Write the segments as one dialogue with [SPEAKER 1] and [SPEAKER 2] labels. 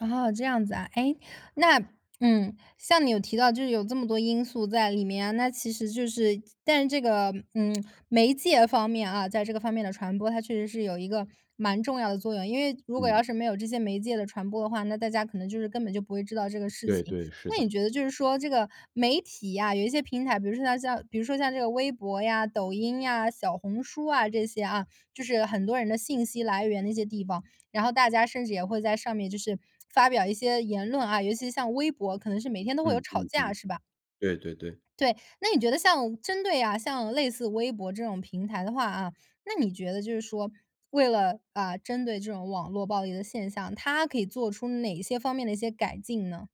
[SPEAKER 1] 哦，这样子啊。哎，那嗯，像你有提到就是有这么多因素在里面，那其实就是但是这个，嗯，媒介方面啊，在这个方面的传播，它确实是有一个蛮重要的作用。因为如果要
[SPEAKER 2] 嗯。
[SPEAKER 1] 是没有这些媒介的传播的话，那大家可能就是根本就不会知道这个事
[SPEAKER 2] 对
[SPEAKER 1] 情。
[SPEAKER 2] 对，是
[SPEAKER 1] 那
[SPEAKER 2] 的。
[SPEAKER 1] 你觉得就是说这个媒体啊，有一些平台，比如说像像比如说像这个微博呀，抖音呀，小红书啊这些啊，就是很多人的信息来源的一些地方，然后大家甚至也会在上面就是发表一些言论啊，尤其像微博可能是每天都会有
[SPEAKER 2] 嗯
[SPEAKER 1] 吵
[SPEAKER 2] 嗯
[SPEAKER 1] 架
[SPEAKER 2] 嗯，
[SPEAKER 1] 是吧？
[SPEAKER 2] 对对对。
[SPEAKER 1] 对。那你觉得像针对啊像类似微博这种平台的话啊，那你觉得就是说，为了，啊，针对这种网络暴力的现象，它可以做出哪一些方面的一些改进呢？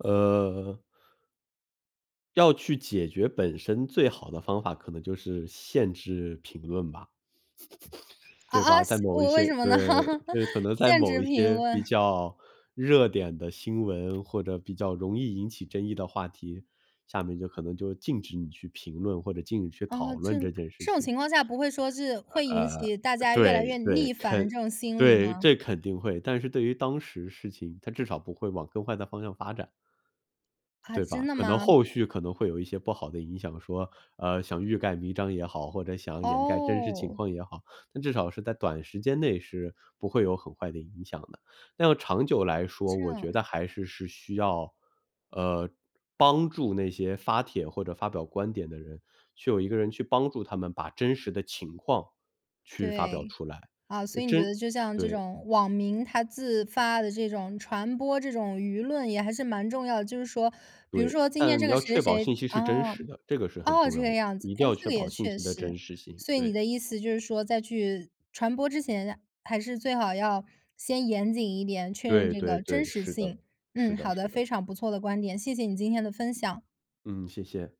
[SPEAKER 2] 呃要去解决本身最好的方法，可能就是限制评论吧。
[SPEAKER 1] 啊
[SPEAKER 2] 对
[SPEAKER 1] 啊
[SPEAKER 2] 吧，在
[SPEAKER 1] 西
[SPEAKER 2] 某一
[SPEAKER 1] 为为
[SPEAKER 2] 些
[SPEAKER 1] 什么呢？
[SPEAKER 2] 对，对，可能在
[SPEAKER 1] 限
[SPEAKER 2] 某
[SPEAKER 1] 制
[SPEAKER 2] 一
[SPEAKER 1] 评
[SPEAKER 2] 些比
[SPEAKER 1] 论。
[SPEAKER 2] 较热点的新闻，或者比较容易引起争议的话题，下面就可能就禁止你去评论或者禁止去讨
[SPEAKER 1] 哦，这
[SPEAKER 2] 论这件事
[SPEAKER 1] 这种
[SPEAKER 2] 情。
[SPEAKER 1] 情况下不会说是，会引
[SPEAKER 2] 呃呃，
[SPEAKER 1] 起大家越来
[SPEAKER 2] 对
[SPEAKER 1] 越
[SPEAKER 2] 对，
[SPEAKER 1] 逆反的
[SPEAKER 2] 肯
[SPEAKER 1] 这种心理
[SPEAKER 2] 对，
[SPEAKER 1] 吗？
[SPEAKER 2] 这肯定会，但是对于当时事情，它至少不会往更坏的方向发展。
[SPEAKER 1] 啊
[SPEAKER 2] 对吧，
[SPEAKER 1] 真的
[SPEAKER 2] 可能
[SPEAKER 1] 吗？
[SPEAKER 2] 后续可能会有一些不好的影响，说，呃，想欲盖弥彰也好，或者想掩盖真实情
[SPEAKER 1] 哦。
[SPEAKER 2] 况也好。但至少是在短时间内是不会有很坏的影响的。但长久来说，
[SPEAKER 1] 这
[SPEAKER 2] 我
[SPEAKER 1] 样。
[SPEAKER 2] 觉得还是是需要，呃，帮助那些发帖或者发表观点的人，去有一个人去帮助他们把真实的情况去发表
[SPEAKER 1] 对。
[SPEAKER 2] 出来，
[SPEAKER 1] 啊，
[SPEAKER 2] 呃
[SPEAKER 1] 所以你觉
[SPEAKER 2] 真
[SPEAKER 1] 得就像这
[SPEAKER 2] 对。
[SPEAKER 1] 种网民他自发的这种传播这种舆论也还是蛮重要的。就是说比如
[SPEAKER 2] 对，
[SPEAKER 1] 说今天
[SPEAKER 2] 但
[SPEAKER 1] 这
[SPEAKER 2] 你
[SPEAKER 1] 个
[SPEAKER 2] 要
[SPEAKER 1] 谁
[SPEAKER 2] 确保
[SPEAKER 1] 谁谁
[SPEAKER 2] 信息是真
[SPEAKER 1] 啊，
[SPEAKER 2] 实的，这个是很
[SPEAKER 1] 哦，
[SPEAKER 2] 重
[SPEAKER 1] 这
[SPEAKER 2] 要
[SPEAKER 1] 个
[SPEAKER 2] 的，
[SPEAKER 1] 样子，
[SPEAKER 2] 一定
[SPEAKER 1] 哎，
[SPEAKER 2] 要
[SPEAKER 1] 这
[SPEAKER 2] 确
[SPEAKER 1] 个也
[SPEAKER 2] 保信
[SPEAKER 1] 确
[SPEAKER 2] 息的真
[SPEAKER 1] 实。
[SPEAKER 2] 实性，
[SPEAKER 1] 所以你
[SPEAKER 2] 对。
[SPEAKER 1] 的意思就是说在去传播之前，还是最好要先严谨一点，确认
[SPEAKER 2] 对
[SPEAKER 1] 这
[SPEAKER 2] 对
[SPEAKER 1] 个真
[SPEAKER 2] 对，
[SPEAKER 1] 实
[SPEAKER 2] 是的，
[SPEAKER 1] 性。
[SPEAKER 2] 是
[SPEAKER 1] 嗯，
[SPEAKER 2] 的
[SPEAKER 1] 好的，
[SPEAKER 2] 是的。
[SPEAKER 1] 非常不错的观点。谢谢你今天的分享。
[SPEAKER 2] 嗯，谢谢。